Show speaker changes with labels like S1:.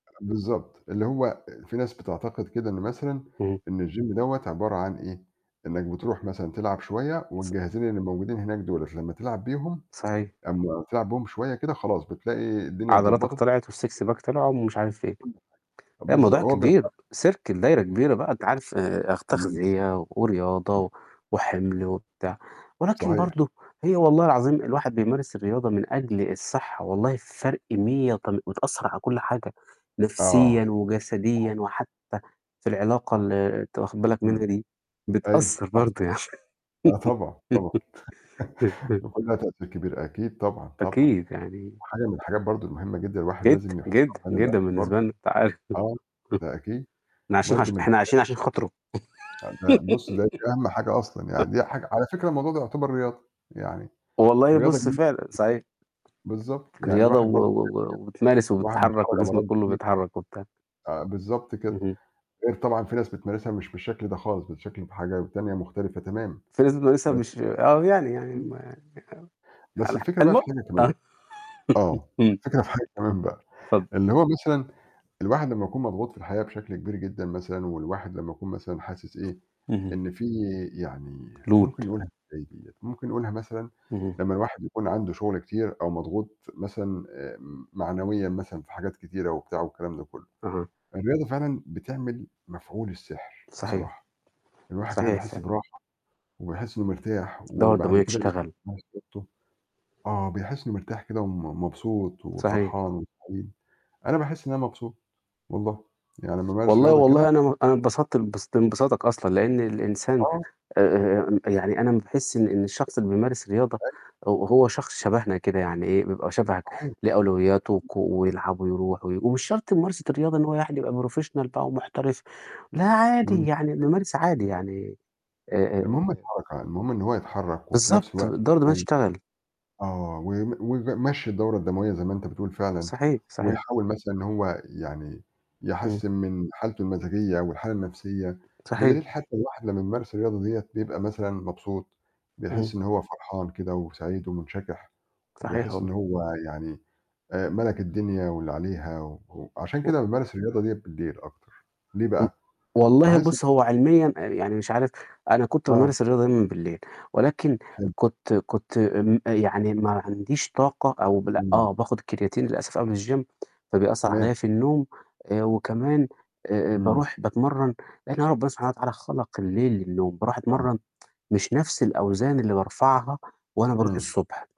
S1: بالضبط. اللي هو فيه ناس بتعتقد كده إن مثلًا
S2: إمم.
S1: إن الgym دوّة عبارة عن إيه، إنّك بترُوح مثلًا تلعب شوية
S2: س
S1: والجهازين اللي موجودين هناك دُولة لمّا تلعب بيهم
S2: صحيح.
S1: أمّا تلعب بيهم شوية كده خلاص بتلاقي الدنيا
S2: عضلاتك
S1: اتضبّطت
S2: طِلعِت والsix
S1: [unintelligible]
S2: pack طِلع ومش عارف إيه. لأ،
S1: بالضبط.
S2: الموضوع
S1: وهو.
S2: كبير،
S1: [unintelligible]
S2: circle دايرة كبيرة بقى. أنت عارف آآ
S1: إمم.
S2: تغذية
S1: إمم.
S2: ورياضة وحِمْل وبتاع، ولكن
S1: صحيح.
S2: برضو هي والله العظيم الواحد بيمارس الرياضة من أجل الصحة، والله فرق 100 وتم بتأثر على كل حاجة،
S1: آه.
S2: نفسيًا وجسديًا
S1: صحيح.
S2: وحتى في العلاقة اللي أنت واخد بالك
S1: إمم.
S2: منها دي،
S1: أيوه
S2: بتأثر
S1: صح.
S2: برضو يعني.
S1: آه طبعًا، طبعًا، بيكون ليها تأثير كبير أكيد طبعًا، طبعًا.
S2: أكيد يعني
S1: وحاجة من الحاجات برضو المهمة جدًا الواحد
S2: جدًا،
S1: لازم يحطّها
S2: جدًا،
S1: في عين
S2: جدًا
S1: الاعتبار
S2: بالنسبة لنا، أنت عارف.
S1: آه، ده أكيد.
S2: إحنا عايشين
S1: برضو
S2: علش
S1: من
S2: إحنا
S1: الحاجات
S2: عايشين عشان خاطره.
S1: آه. ده بُص، ده أهَم حاجة أصلًا، يعني دي حاجة على فكرة الموضوع ده يُعتبر رياضة، يعني
S2: والله
S1: رياضة.
S2: بُص،
S1: [unintelligible]
S2: فعلًا صحيح.
S1: بالضبط. يعني
S2: رياضة
S1: الواحد
S2: و
S1: برضو، [unintelligible]
S2: و و وبتمارس
S1: الواحد
S2: وبتتحرك
S1: بيتفرج
S2: وجسمك
S1: على.
S2: كلّه
S1: [unintelligible]
S2: بيتحرك وبتاع.
S1: آآ بالضبط كده.
S2: اهم.
S1: غير طبعًا في ناس بتمارسها مش بالشكل ده خالص بشكل بحاجة تانية مختلفة تمامًا،
S2: بس لازم تمارسها
S1: بس
S2: مش آه، ويعني يعني
S1: إمم.
S2: ما آآ
S1: بس
S2: على ح
S1: الفكرة بقى في حاجة كمان،
S2: [unintelligible]
S1: آه.
S2: إمم.
S1: الفكرة في حاجة كمان بقى،
S2: اتفضل.
S1: اللي هو مثلًا الواحد لمّا يكون مضغوط في الحياة بشكل كبير جدًا مثلًا والواحد لمّا يكون مثلًا حاسس إيه،
S2: اهم.
S1: إن فيه يعني ممكن
S2: load
S1: نقولها إزاي ديّة! ممكن نقولها مثلًا
S2: اهم.
S1: لمّا الواحد يكون عنده شغل كتير أو مضغوط مثلًا آآ معنويًا مثلًا في حاجات كتيرة وبتاع والكلام ده كلُّه،
S2: أها.
S1: الرياضة فعلًا بتعمل مفعول السحر
S2: صحيح.
S1: بصراحة، الواحد كده
S2: صحيح
S1: بيحس
S2: فعلًا.
S1: براحة وبيحس إنه مرتاح،
S2: الدورة
S1: وبعد
S2: الدموية
S1: كده
S2: تشتغل.
S1: [unintelligible] آه، بيحس إنه مرتاح كده ومب مبسوط
S2: صحيح.
S1: وفرحان وسعيد، أنا باحس إن أنا مبسوط والله، يعني لمّا أمارس
S2: والله،
S1: رياضة كده
S2: والله أنا أنا انبسطت لانبس لانبساطك أصلًا، لأن الإنسان
S1: آه.
S2: آآ يعني أنا لمّا باحس إن إن الشخص اللي بيمارس رياضة
S1: أيوه.
S2: هو هو شخص شبهنا كده، يعني إيه، بيبقى شبهك
S1: صحيح.
S2: ليه أولوياته وك ويلعب ويرُوح وي ومش شرط ممارسة الرياضة إن هو يعني يبقى professional بقى ومحترف، لأ عادي
S1: إمم.
S2: يعني
S1: صحيح.
S2: بامارس عادي، يعني
S1: المهم
S2: آآ
S1: الحركة، المهم إن هو يتحرك وفي نفْس
S2: بالضبط،
S1: الوقت
S2: الدورة الدموية
S1: [unintelligible]
S2: تشتغل.
S1: آه، و و ويمشّي الدورة الدموية زي ما أنت بتقول فعلًا،
S2: صحيح، صحيح.
S1: ويحاول مثلًا إن هو يعني
S2: إمم.
S1: يحسِّن من حالته المزاجية والحالة النفْسية. بدليل
S2: صحيح.
S1: حتى الواحد لمّا يمارس الرياضة ديّة بيبقى مثلًا مبسوط
S2: إمم.
S1: بيحس إن هو فرحان كده وسعيد ومُنشَكِح،
S2: صحيح
S1: وبيحس إن
S2: والله.
S1: هو يعني آآ مَلَك الدنيا واللي عليها و عشان
S2: و
S1: كده بامارس الرياضة ديّة بالليل أكتر، ليه بقى؟
S2: والله
S1: باحس
S2: بُص، هو علميًا يعني مش عارف أنا كنت
S1: آه.
S2: بامارس الرياضة دايمًا بالليل ولكن
S1: حلو.
S2: كنت كنت م يعني ما عنديش طاقة أو بال
S1: إمم.
S2: آه، باخد كرياتين للأسف قبل الgym فبيأثر
S1: تمام.
S2: عليَّ في النوم آآ وكمان آآ
S1: إمم.
S2: بارُوح باتمرن يعني هو ربنا سبحانه وتعالى خَلَق الليل للنوم، بارُوح
S1: آه.
S2: أتمرّن مش نفْس الأوزان اللي بارفعها وأنا بارُوح
S1: إمم.
S2: الصبح.